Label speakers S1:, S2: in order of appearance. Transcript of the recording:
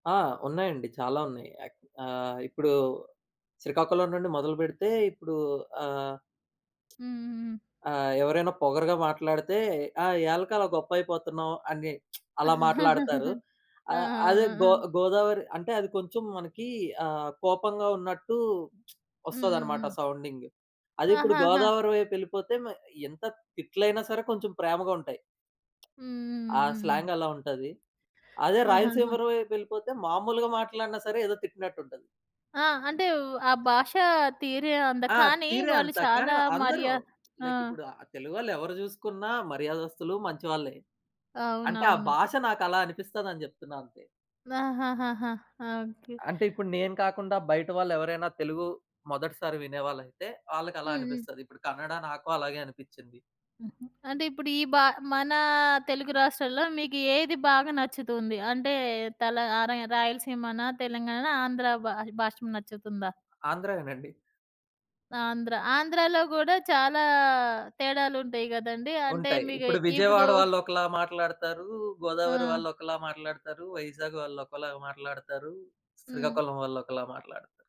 S1: ఆ! ఉన్నాయండి. చాలా ఉన్నాయి. యాక్ ఆహ్, ఇప్పుడు శ్రీకాకుళం నుండి మొదలుబెడితే ఇప్పుడు ఆహ్,
S2: హుహుహు.
S1: ఆహ్, ఎవరైనా పొగరుగా మాట్లాడితే "ఆ! యాలక అలా గొప్పైపోతున్నావు" అని అలా మాట్లాడతారు.
S2: ఆ! ఆ!
S1: ఆహ్, అదే
S2: ఆ!
S1: గో
S2: ఆ!
S1: గోదావరి, అంటే అది కొంచెం మనకి ఆహ్, కోపంగా ఉన్నట్టు
S2: హ్మ్. హ్మ్.
S1: ఒస్తాదన్నమాట
S2: హ్మ్.
S1: సౌండింగ్. అదిప్పుడు
S2: ఆహాహా!
S1: గోదావరి వైపెళ్ళిపోతే మ ఎంత తిట్లైనా సరే కొంచెం ప్రేమగా ఉంటాయి. ఆ!
S2: హుహుహుహుహు.
S1: స్లాంగ్ అలా ఉంటది. అదే
S2: ఆహాహా!
S1: రాయలసీమర వైపెళ్ళిపోతే మామూలుగా మాట్లాడినా సరే ఏదో తిట్టినట్టు ఉంటది.
S2: ఆ! అంటే వ్ ఆ భాష తీరె అంత.
S1: ఆ!
S2: కానీ
S1: తీరే
S2: వాళ్ళు
S1: అంత. కానీ,
S2: చాలా
S1: అందరూ
S2: మర్యా ఆ!
S1: లైక్ ఇప్పుడు ఆహ్, తెలుగోళ్ళేవరు జూసుకున్న మర్యాదస్తులు, మంచివాళ్లే. అంటే ఆ
S2: అవునవును.
S1: భాష నాకలా అనిపిస్తదని జెప్తున్నా అంతే.
S2: ఆహాహాహా! ఆ! ఓకే.
S1: అంటే ఇప్పుడు
S2: అ
S1: నేను కాకుండా బయట వాళ్లెవరైనా తెలుగు మొదటిసారి వినే వాళ్ళైతే వాళ్ళకలా
S2: హ్మ్. హ్మ్.
S1: అనిపిస్తది. ఇప్పుడు కన్నడ నాకు అలాగే అనిపిచ్చింది.
S2: హుహు. అంటే ఇప్పుడు ఈ భా మన తెలుగు రాష్ట్రాల్లో మీకు ఏది బాగా నచ్చుతుంది? అంటే తల ఆరై రాయలసీమనా? తెలంగాణనా? ఆంధ్ర భా భాష నచ్చుతుందా?
S1: ఆంధ్రయే నండి.
S2: ఆంధ్ర. ఆంధ్రాలో గూడా చాలా తేడాలుంటాయి గదండి? అంటే
S1: ఉంటాయి.
S2: మీకు
S1: ఇప్పుడు
S2: ఇప్పుడు
S1: విజయవాడ వాళ్లోకలా మాట్లాడుతారు, గోదావరి
S2: ఆ!
S1: వాళ్లోకాలా మాట్లాడుతారు, వైజాగ్ వాళ్ళు ఒకలాగా మాట్లాడతారు.
S2: హ్మ్.
S1: శ్రీకాకుళం వాళ్ళు ఒకలా మాట్లాడుతారు.